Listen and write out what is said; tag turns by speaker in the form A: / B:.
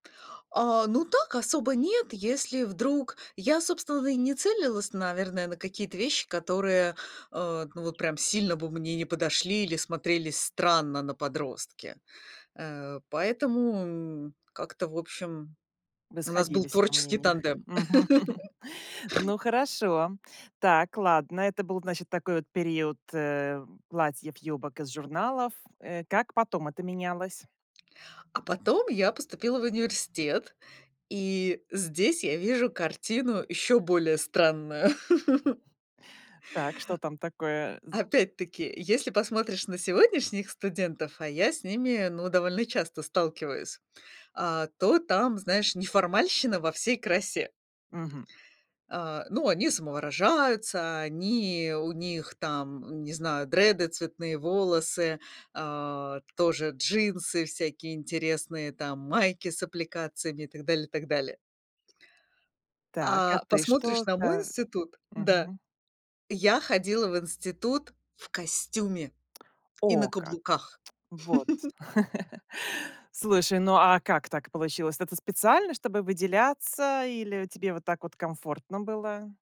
A: А, ну так, особо нет, если вдруг я, собственно, и не целилась, наверное, на какие-то вещи, которые, а, ну вот прям сильно бы мне не подошли или смотрелись странно на подростке. Э, поэтому, м, как-то, в общем,
B: Вы
A: у нас был
B: сходились во
A: творческий
B: мнениях.
A: тандем.
B: Мгм. Ну, хорошо. Так, ладно. Это был, значит, такой вот период, э, платьев-юбок из журналов, э. Как потом это менялось?
A: А потом я поступила в университет, и здесь я вижу картину ещё более странную.
B: Так, что там такое з
A: Опять-таки, если посмотришь на сегодняшних студентов, а я с ними, ну, довольно часто сталкиваюсь, а, то там, знаешь, неформальщина во всей красе.
B: Мгм.
A: А, ну, они самовыражаются, они у них там, не знаю, дреды, цветные волосы, а, тоже джинсы всякие интересные, там майки с аппликациями и так далее, и так далее.
B: Так, а
A: А
B: ты
A: посмотришь на мой
B: что-то
A: институт Да?
B: Мгм.
A: Я ходила в институт в костюме и на
B: О, как!
A: каблуках.
B: Вот, слушай, ну, а как так получилось? Это специально, чтобы выделяться, или тебе вот так вот комфортно было?